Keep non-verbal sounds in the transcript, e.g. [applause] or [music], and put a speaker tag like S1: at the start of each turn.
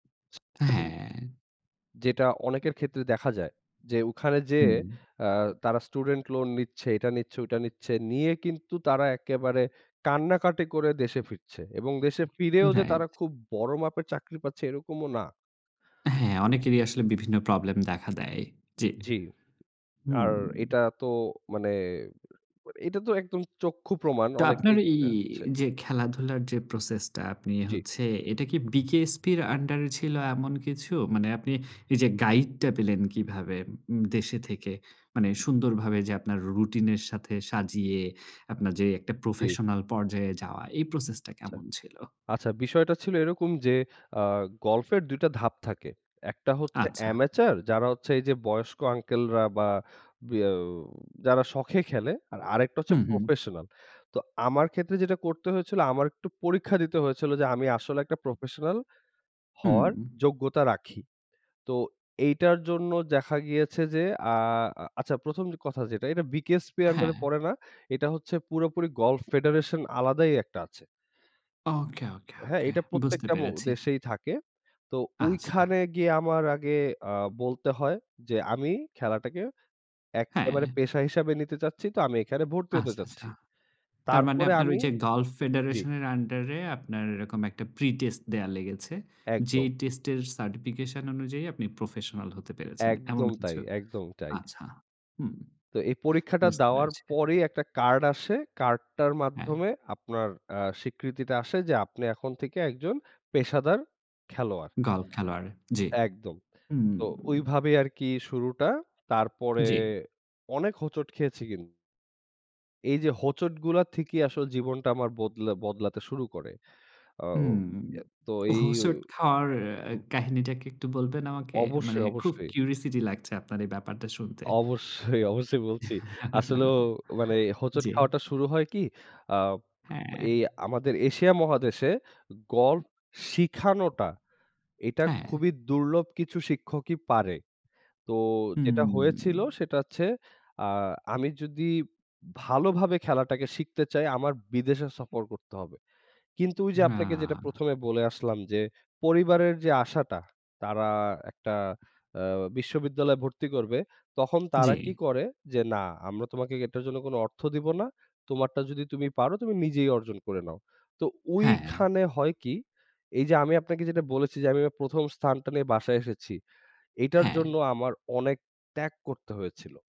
S1: [unintelligible]
S2: হ্যাঁ।
S1: যেটা অনেকের ক্ষেত্রে দেখা যায়, যে ওখানে যেয়ে
S2: হুম।
S1: আ তারা স্টুডেন্ট লোন নিচ্ছে, এটা নিচ্ছে ওইটা নিচ্ছে নিয়ে কিন্তু তারা একেবারে কান্নাকাটি করে দেশে ফিরছে। এবং দেশে ফিরেও যে
S2: রাইট।
S1: তারা খুব বড় মাপের চাকরি পাচ্ছে এরকমও না।
S2: অ্যা হ্যাঁ, [smacks lips] অনেকেরই আসলে বিভিন্ন প্রবলেম দেখা দেয়। জি
S1: জি। আর
S2: হুম।
S1: এটা তো মানে এটা তো একদম চক্ষু প্রমাণ
S2: তো আপনার
S1: অনেকেই
S2: এই
S1: হচ্ছে।
S2: যে খেলাধুলার যে প্রসেসটা, আপনি
S1: জি।
S2: হচ্ছে এটা কি বিকেএসপি এর আন্ডারে ছিল এমন কিছু? মানে আপনি এই যে গাইডটা পেলেন কীভাবে উম দেশে থেকে? মানে সুন্দরভাবে যে আপনার রুটিনের সাথে সাজিয়ে, আপনার যে একটা
S1: জি।
S2: প্রফেশনাল পর্যায়ে যাওয়া এই প্রসেসটা
S1: আচ্ছা,
S2: কেমন ছিল?
S1: আচ্ছা বিষয়টা ছিল এরকম যে আ গল্ফের ২ টা ধাপ থাকে। একটা হচ্ছে
S2: আচ্ছা।
S1: অ্যামেচার যারা হচ্ছে এই যে বয়স্ক আঙ্কেলরা বা বি অ্যা যারা শখে খেলে। আর আরেকটা হচ্ছে
S2: হুম, হুম।
S1: প্রফেশনাল। তো আমার ক্ষেত্রে যেটা করতে হয়েছিল আমার একটু পরীক্ষা দিতে হয়েছিল, যে আমি আসলে একটা প্রফেশনাল
S2: হুম।
S1: হওয়ার যোগ্যতা রাখি। তো এইটার জন্য দেখা গিয়েছে যে আ আ আচ্ছা ১ম কথা যেটা এটা বিকেএসপি আন্ডারে
S2: হ্যাঁ।
S1: পড়ে না। এটা হচ্ছে পুরোপুরি গল্ফ ফেডারেশন আলাদাই একটা আছে।
S2: ওকে, ওকে,
S1: হ্যাঁ,
S2: ওকে,
S1: এটা
S2: বুঝতে
S1: প্রত্যেকটা ম
S2: পেরেছি।
S1: দেশেই থাকে। তো
S2: আচ্ছা।
S1: ঐখানে গিয়ে আমার আগে আ বলতে হয় যে আমি খেলাটাকে এক্কেবারে
S2: হ্যাঁ।
S1: পেশা হিসেবে নিতে চাচ্ছি। তো আমি এখানে ভর্তি হতে
S2: আচ্ছা, আচ্ছা।
S1: চাচ্ছি।
S2: তার মানে
S1: তারপরে
S2: আপনার ওই
S1: আমি
S2: যে গাল্ফ
S1: জি।
S2: ফেডারেশনের আন্ডারে আপনার এরকম একটা প্রিটেস্ট দেয়া লেগেছে? যেই
S1: একদম।
S2: টেস্টের সার্টিফিকেশন অনুযায়ী আপনি প্রফেশনাল হতে পেরেছেন এমন
S1: একদম তাই
S2: কিছু?
S1: একদম তাই
S2: আচ্ছা। হুম।
S1: তো এই পরীক্ষাটা
S2: বুঝতে
S1: দেওয়ার
S2: পেরেছি।
S1: পরেই একটা কার্ড আসে। কার্ডটার
S2: হ্যাঁ।
S1: মাধ্যমে আপনার আ স্বীকৃতিটা আসে যে আপনি এখন থেকে একজন পেশাদার খেলোয়াড়।
S2: গল্ফ খেলোয়াড় জি।
S1: একদম।
S2: হুম।
S1: তো ওইভাবেই আরকি শুরুটা। তারপরে
S2: জি।
S1: অনেক হোঁচট খেয়েছি কিন এই যে হোঁচটগুলা থেকেই আসলে জীবনটা আমার বদলা বদলাতে শুরু করে। আও
S2: হুম,
S1: অ্যা তো এই উ
S2: হোছট খাওয়ার অ্যা
S1: হু।
S2: কাহিনীটা কি একটু বলবেন আমাকে? মানে
S1: অবশ্যই,
S2: খুব
S1: অবশ্যই।
S2: কিউরিওসিটি লাগছে আপনার এই ব্যাপারটা শুনতে।
S1: অবশ্যই, অবশ্যই বলছি আসলেও মানে
S2: [chuckles]
S1: হোঁচট
S2: জি।
S1: খাওয়াটা শুরু হয় কি, আ
S2: হ্যাঁ।
S1: এই আমাদের এশিয়া মহাদেশে গল্ফ শিখানোটা এটা
S2: [tsk] হ্যাঁ।
S1: খুবই দুর্লভ কিছু শিক্ষকই পারে। তো যেটা হয়েছিল
S2: হুম।
S1: সেটা হচ্ছে, আ আমি যদি ভালোভাবে খেলাটাকে শিখতে চাই আমার বিদেশে সফর করতে হবে। কিন্তু ওই যে আপনাকে যেটা
S2: রা
S1: ১ম এ বলে আসলাম যে, পরিবারের যে আশাটা তারা একটা আ বিশ্ববিদ্যালয়ে ভর্তি করবে তখন তারা কি
S2: জি।
S1: করে যে না আমরা তোমাকে এটার জন্য কোন অর্থ দিব না। তোমারটা যদি তুমি পারো তুমি নিজেই অর্জন করে নাও। তো
S2: হ্যাঁ।
S1: ওইখানে হয় কি, এই যে আমি আপনাকে যেটা বলেছি, যে আমি আমার ১ম স্থানটা নিয়ে বাসায় এসেছি। এটার
S2: হ্যাঁ।
S1: জন্য আমার অনেক ত্যাগ করতে হয়েছিল।